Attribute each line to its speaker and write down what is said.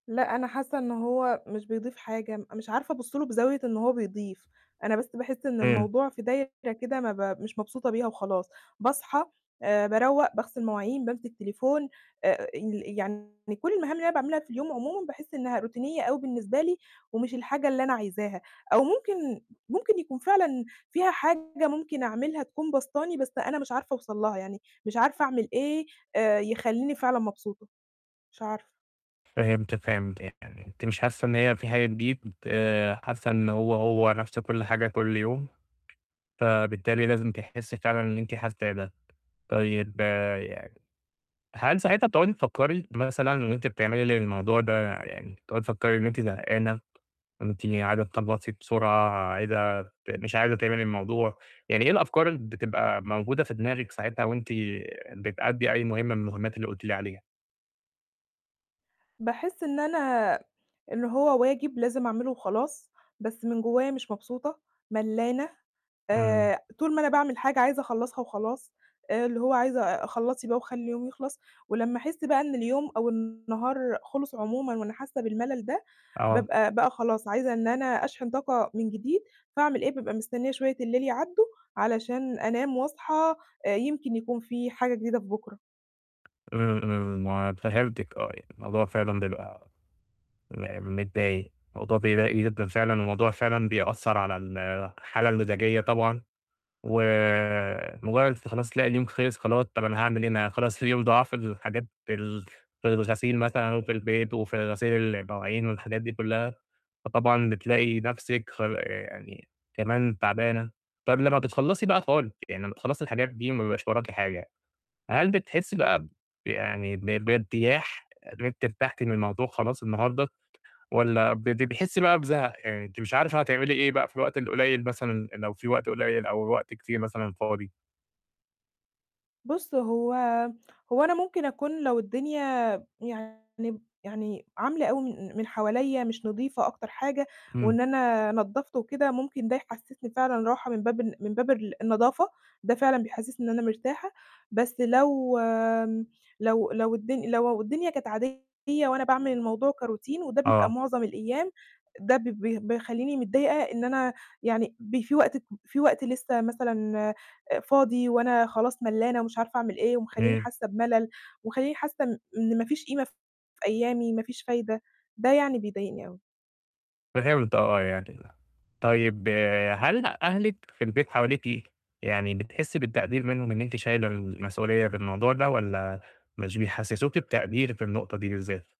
Speaker 1: لأ، أنا حاسة إن هو مش بيضيف حاجة، مش عارفة أبُصّ له بزاوية إن هو بيضيف، أنا بس باحس إن
Speaker 2: امم.
Speaker 1: الموضوع في دايرة كده ما ب مش مبسوطة بيها وخلاص، باصحى، آآ، باروّق، باغسل مواعين، بامسك تليفون، آآ، ال يعني كُلّ المهام اللي أنا باعملها في اليوم عمومًا باحس إنها روتينية أوي بالنسبة لي، ومش الحاجة اللي أنا عايزاها. أو ممكن ممكن يكون فعلًا فيها حاجة ممكن أعملها تكون باسطاني، بس أنا مش عارفة أوصل لها يعني، مش عارفة أعمل إيه، آآ، يخليني فعلًا مبسوطة. مش عارفة.
Speaker 2: فهمتِك، فهمت. يعني أنتِ مش حاسة إن هي في حاجة جديدة، آآ حاسة إن هو، هو نفس كُلّ حاجة كُلّ يوم، فبالتالي لازم تحسي فعلًا اللي أنتِ حاساه ده، طيب يعني، هل ساعتها بتقعدي تفكري مثلًا إن أنتِ بتعملي للموضوع ده يعني تقعدي تفكري إن أنتِ زهقانة، وإن أنتِ عايزة تخلّصي بسرعة، عايزة ت مش عايزة تعملي الموضوع، يعني إيه الأفكار اللي بتبقى موجودة في دماغِك ساعتها وأنتِ بتأدّي أي مهمة من المهمات اللي قُلتِ لي عليها؟
Speaker 1: باحس إن أنا إن هو واجب لازم أعمله وخلاص، بس من جوايا مش مبسوطة، ملّانة،
Speaker 2: امم.
Speaker 1: آآ، طول ما أنا باعمل حاجة عايزة أخلّصها وخلاص، آآ، اللي هو عايزة آآ، خلّصي بقى وخلّي اليوم يخلص، ولمّا أحس بقى إن اليوم أو النهار خلص عمومًا، وأنا حاسة بالملل ده،
Speaker 2: آه.
Speaker 1: بابقى بقى خلاص عايزة إن أنا أشحن طاقة من جديد، فأعمل إيه؟ بابقى مستنية شوية الليل يعدّوا علشان أنام وأصحى، آآ، يمكن يكون فيه حاجة جديدة في بُكرة.
Speaker 2: امم، امم، م فهمتِك آه يعني الموضوع فعلًا بيبقى م متضايق، الموضوع بيضايق جدًا فعلًا، والموضوع فعلًا بيأثّر على الحالة المزاجية طبعًا، ومجرّد خلاص تلاقي اليوم خلِص خلاص طَب أنا هاعمل إيه أنا خلاص اليوم ضاع في الحاجات ال في الغسيل مثلًا وفي البيت، وفي غسيل المواعين والحاجات دي كلّها، فطبعًا بتلاقي نفسِك خ يعني كمان تعبانة، طَب لمّا بتخلّصي بقى خالص، يعني لمّا تخلصي الحاجات دي، وما بيبقاش وراكِ حاجة، هل بتحسي بقى ب يعني ب ب بارتياح إن أنتِ أرتحتِ من الموضوع خلاص النهارده؟ والَّا ب بتحسي بقى بزَهَق؟ يعني أنتِ مش عارفة هتعملي إيه بقى في الوقت القليّل مثلًا لو فيه وقت قليّل أو وقت كتير مثلًا فاضي.
Speaker 1: بُصّ، هو هو أنا ممكن أكون لو الدنيا يعني يعني عاملة أوي من من حواليّا مش نضيفة أكتر حاجة،
Speaker 2: امم.
Speaker 1: وإن أنا نضّفت وكده ممكن ده يحسسني فعلًا راحة من باب ال من باب ال النضافة، ده فعلًا بيحسِّسني إن أنا مرتاحة، بس لو لو لو الد لو الدنيا كانت عادية وأنا باعمل الموضوع كroutine، وده بيبقى
Speaker 2: آه.
Speaker 1: معظم الأيام، ده ب ب بيخليني متضايقة إن أنا يعني ب في وقت في وقت لسه مثلًا، آآ، فاضي وأنا خلاص ملّانة ومش عارفة أعمل إيه، ومخلّيني
Speaker 2: تمام.
Speaker 1: حاسة بملل، ومخليني حاسة إن إن ما فيش قيمة في أيامي، ما فيش فايدة، ده يعني بيضايقني أوي.
Speaker 2: فهمت، آه يعني، طيب هل أهلِك في البيت حواليكِ، يعني بتحسي بالتقدير منهم، إن أنتِ شايلة المسؤولية في الموضوع ده والَّا مش بيحسّسوكِ بتقدير في النقطة دي بالذات؟